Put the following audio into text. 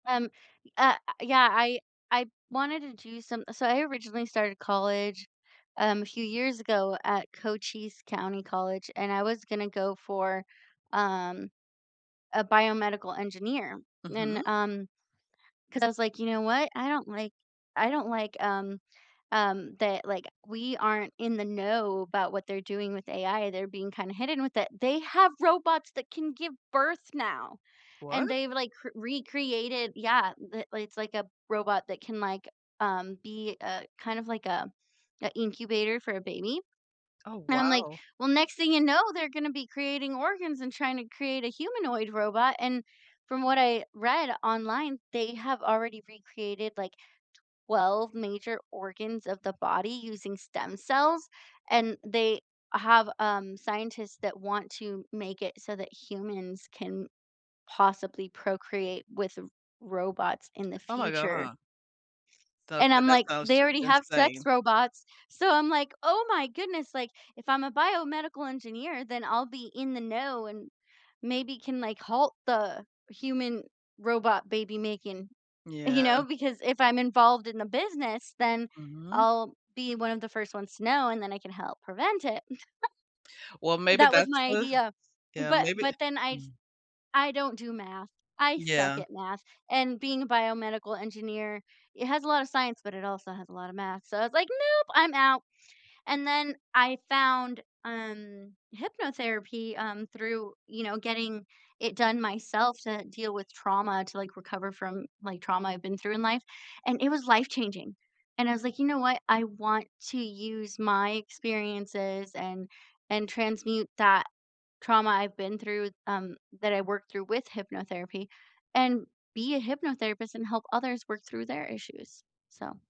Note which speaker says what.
Speaker 1: Um, y uh, yeah, I I wanted to do some so I originally started college, um, a few years ago at Cochise County College and I was gonna go for, um, a biomedical engineer and,
Speaker 2: Mhm.
Speaker 1: um 'cause I was like, "You know what, I don't like I don't like, um, um, that, like, we aren't in the know about what they're doing with AI, they're being kinda hidden with it" they have robots that can give birth now, and
Speaker 2: What?
Speaker 1: they've, like, cr recreated yeah, the li it's, like, a robot that can, like, um, be a kind of like a an incubator for a baby,
Speaker 2: Oh,
Speaker 1: and I'm like,
Speaker 2: wow.
Speaker 1: "Well, next thing you know, they're gonna be creating organs and trying to create a humanoid robot," and from what I read online, they have already recreated, like, 12 major organs of the body using stem cells, and they have, um, scientists that want to make it so that humans can possibly procreate with r robots in the
Speaker 2: Oh my
Speaker 1: future.
Speaker 2: god. Th
Speaker 1: And
Speaker 2: okay,
Speaker 1: I'm
Speaker 2: that
Speaker 1: like,
Speaker 2: sounds
Speaker 1: "They
Speaker 2: just
Speaker 1: already have sex
Speaker 2: insane.
Speaker 1: robots," so I'm like, "Oh my goodness, like, if I'm a biomedical engineer, then I'll be in the know and maybe can, like, halt the human robot baby making," you
Speaker 2: Yeah.
Speaker 1: know, because if I'm involved in the business, then
Speaker 2: Mhm.
Speaker 1: I'll be one of the 1st ones to know, and then I can help prevent it.
Speaker 2: Well, maybe
Speaker 1: That was
Speaker 2: that's
Speaker 1: my
Speaker 2: the
Speaker 1: idea,
Speaker 2: yeah,
Speaker 1: but
Speaker 2: maybe
Speaker 1: but then I
Speaker 2: mm.
Speaker 1: I don't do math, I suck at
Speaker 2: Yeah.
Speaker 1: math, and being a biomedical engineer, it has a lotta science, but it also has a lotta math, so I was like, "Nope, I'm out." And then I found, um, hypnotherapy, um, through, you know, getting it done myself to deal with trauma to, like, recover from, like, trauma I've been through in life, and it was life-changing. And I was like, "You know what, I want to use my experiences and and transmute that trauma I've been through, um, that I worked through with hypnotherapy and be a hypnotherapist and help others work through their issues," so